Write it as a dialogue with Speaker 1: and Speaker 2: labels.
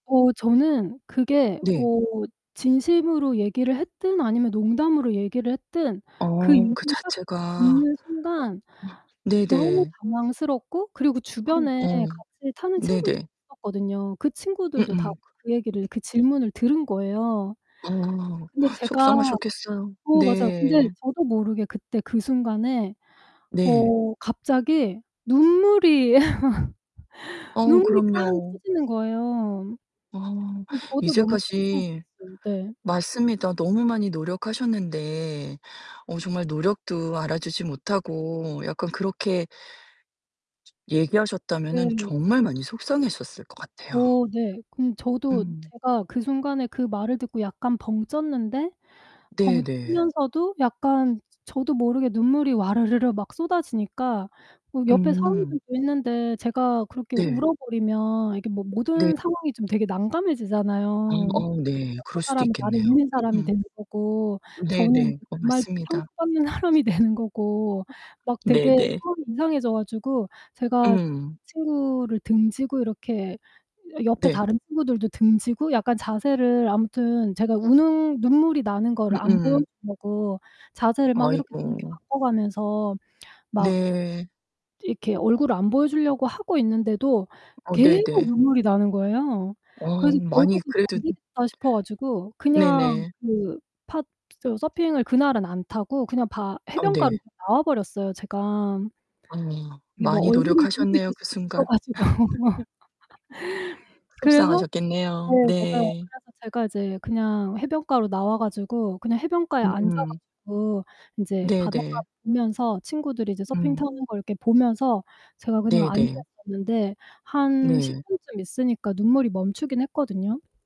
Speaker 1: 어 저는 그게
Speaker 2: 네.
Speaker 1: 어 진심으로 얘기를 했든 아니면 농담으로 얘기를 했든 그
Speaker 2: 어,
Speaker 1: 얘기를
Speaker 2: 그
Speaker 1: 딱
Speaker 2: 자체가. 어
Speaker 1: 듣는 순간 너무
Speaker 2: 네네.
Speaker 1: 당황스럽고 그리고 주변에
Speaker 2: 어.
Speaker 1: 같이 사는 친구들이
Speaker 2: 네네.
Speaker 1: 있었거든요. 그 친구들도 다
Speaker 2: 음음.
Speaker 1: 그 얘기를 그 질문을 들은 거예요.
Speaker 2: 어,
Speaker 1: 근데 제가
Speaker 2: 속상하셨겠어요.
Speaker 1: 어 맞아요. 근데
Speaker 2: 네.
Speaker 1: 저도 모르게 그때 그 순간에
Speaker 2: 네.
Speaker 1: 어 갑자기 눈물이
Speaker 2: 어
Speaker 1: 눈물이 빵
Speaker 2: 그럼요.
Speaker 1: 터지는 거에요.
Speaker 2: 어
Speaker 1: 저도 너무 깜짝
Speaker 2: 이제까지
Speaker 1: 놀랐어요. 네.
Speaker 2: 맞습니다. 너무 많이 노력하셨는데 어 정말 노력도 알아주지 못하고 약간 그렇게 얘기하셨다면은
Speaker 1: 네.
Speaker 2: 정말 많이 속상했었을 것 같아요.
Speaker 1: 오 네. 그럼 저도
Speaker 2: 음.
Speaker 1: 제가 그 순간에 그 말을 듣고 약간 벙쪘는데
Speaker 2: 네네.
Speaker 1: 벙찌면서도 약간 저도 모르게 눈물이 와르르르 막 쏟아지니까 옆에 사람들도
Speaker 2: 음.
Speaker 1: 있는데 제가 그렇게
Speaker 2: 네.
Speaker 1: 울어버리면 이게 모
Speaker 2: 네.
Speaker 1: 모든 상황이 좀 되게
Speaker 2: 아
Speaker 1: 난감해지잖아요.
Speaker 2: 어 네.
Speaker 1: 저
Speaker 2: 그럴 수도
Speaker 1: 사람은 나를
Speaker 2: 있겠네요.
Speaker 1: 믿는 사람이
Speaker 2: 음.
Speaker 1: 되는 거고, 저는
Speaker 2: 네네
Speaker 1: 그
Speaker 2: 어
Speaker 1: 말 듣고
Speaker 2: 맞습니다.
Speaker 1: 상처받는 사람이 되는 거고 막 되게
Speaker 2: 네네.
Speaker 1: 마음이 이상해져가지고 제가
Speaker 2: 음.
Speaker 1: 친구를 등지고 이렇게 옆에
Speaker 2: 네.
Speaker 1: 다른 친구들도 등지고 약간 자세를 아무튼 제가 우는 눈물이 나는 거를
Speaker 2: 음
Speaker 1: 안
Speaker 2: 음.
Speaker 1: 보여주려고 자세를 막 이렇게 이렇게
Speaker 2: 아이고.
Speaker 1: 바꿔가면서 막
Speaker 2: 네.
Speaker 1: 이렇게 얼굴을 안 보여주려고 하고 있는데도
Speaker 2: 어
Speaker 1: 계속
Speaker 2: 네네.
Speaker 1: 눈물이 나는거에요.
Speaker 2: 어
Speaker 1: 그래서
Speaker 2: 많이
Speaker 1: 결국은
Speaker 2: 그래도
Speaker 1: 안되겠다 싶어 가지고 그냥
Speaker 2: 네네.
Speaker 1: 그 파 서핑을 그날은 안 타고 그냥 바
Speaker 2: 아
Speaker 1: 해변가로
Speaker 2: 네.
Speaker 1: 나와버렸어요 제가.
Speaker 2: 어
Speaker 1: 이게 뭐
Speaker 2: 많이
Speaker 1: 얼굴을 들고 있을
Speaker 2: 노력하셨네요.그
Speaker 1: 수가 없어
Speaker 2: 순간.
Speaker 1: 가지고. 그래서 네,
Speaker 2: 속상하셨겠네요.
Speaker 1: 맞아요.
Speaker 2: 네.
Speaker 1: 그래서 제가 이제 그냥 해변가로 나와 가지고 그냥 해변가에
Speaker 2: 음음.
Speaker 1: 앉아가지고 인제 바닷가를
Speaker 2: 네네.
Speaker 1: 보면서 친구들이 이제 서핑
Speaker 2: 음.
Speaker 1: 타는 걸 보면서 제가 그냥 앉아
Speaker 2: 네네.
Speaker 1: 있었는데 한 10
Speaker 2: 네.
Speaker 1: 분쯤 있으니까 눈물이 멈추긴 했거든요.